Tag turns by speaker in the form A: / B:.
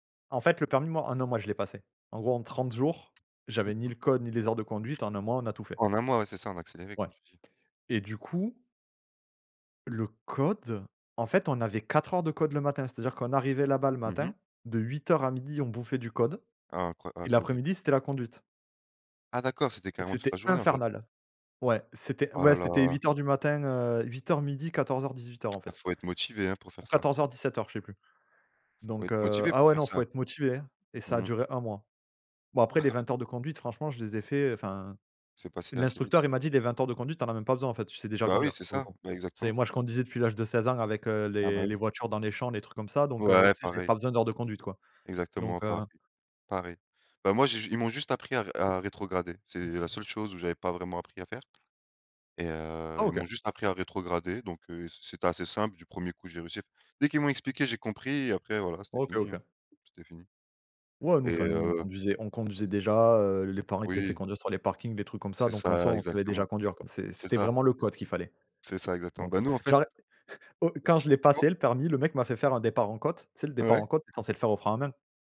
A: En fait, le permis, moi, en 1 mois, je l'ai passé. En gros, en 30 jours,
B: Mmh
A: j'avais ni
B: mh.
A: le code ni les heures de conduite, en 1 mois, on a tout fait.
B: En 1 mois, ouais, c'est ça, en accéléré,
A: Ouais
B: comme tu dis.
A: et du coup le code, en fait, on avait 4 heures de code le matin, c'est-à-dire qu'on arrivait là-bas le
B: Mmh mh.
A: matin, de 8:00 à 12:00 on bouffait du code
B: Ah incroya ah
A: et
B: c'est horrible.
A: l'après-midi, c'était la conduite
B: Ah d'accord. C'était carrément toute la
A: c'était
B: journée, en fait.
A: infernal. Ouais, c'était,
B: Ah
A: ouais,
B: là
A: c'était
B: là.
A: 8:00 du matin, heu, 8:00-12:00 14:00-18:00 en
B: Ah
A: fait
B: faut être motivé, hein, pour
A: ou
B: faire ça.
A: 14:00-17:00 je sais plus.
B: Faut
A: Donc,
B: être
A: heu
B: motivé
A: ah
B: pour
A: ouais,
B: faire
A: non, faut
B: ça.
A: être motivé, hein et ça a
B: Mmh.
A: duré 1 mois. Bon, après,
B: Ah
A: les
B: ouais.
A: 20 heures de conduite, franchement, je les ai fait. Enfin,
B: C'est passé assez
A: l'instructeur,
B: vite.
A: il m'a dit les 20 heures de conduite, tu en as même pas besoin, en fait. Tu sais déjà
B: Bah, oui,
A: conduire
B: c'est
A: pour le
B: ça,
A: coup.
B: bah,
A: C'est
B: exactement.
A: moi, je conduisais depuis l'âge de 16 ans avec, heu,
B: Ah bah,
A: les les
B: oui.
A: voitures dans les champs, les trucs comme ça. Donc, heu,
B: Ouais,
A: tu sais, j'avais
B: pareil.
A: pas besoin d'heures de conduite, quoi.
B: Exactement
A: Donc, heu
B: pareil pareil. Bah, moi, j'ai ju ils m'ont juste appris à ré à rétrograder. C'est la seule chose où j'avais pas vraiment appris à faire et
A: Ah
B: heu, ils
A: OK.
B: m'ont juste appris à rétrograder. Donc, heu, c'est c'était assez simple du 1er coup, j'ai réussi. Dès qu'ils m'ont expliqué, j'ai compris et après, voilà, c'était
A: OK.
B: fini, hein,
A: OK.
B: c'était fini
A: Ouais, nous,
B: et
A: enfin, nous on
B: heu
A: conduisait. On conduisait déjà, heu, les parents, ils te laissaient
B: Oui.
A: conduire sur les parkings, des trucs comme ça.
B: C'est
A: Donc, en
B: ça,
A: soi, on savait déjà
B: exactement.
A: conduire, quoi. C'est
B: C'est
A: c'était
B: ça.
A: vraiment le code qu'il fallait.
B: C'est ça, exactement.
A: Donc,
B: Bah,
A: heu,
B: nous, en fait
A: genre, le au quand je l'ai
B: [unintelligible]
A: passé, le permis, le mec m'a fait faire un départ en côte. Tu sais, le départ
B: Ouais.
A: en côte, tu es censé le faire au frein à main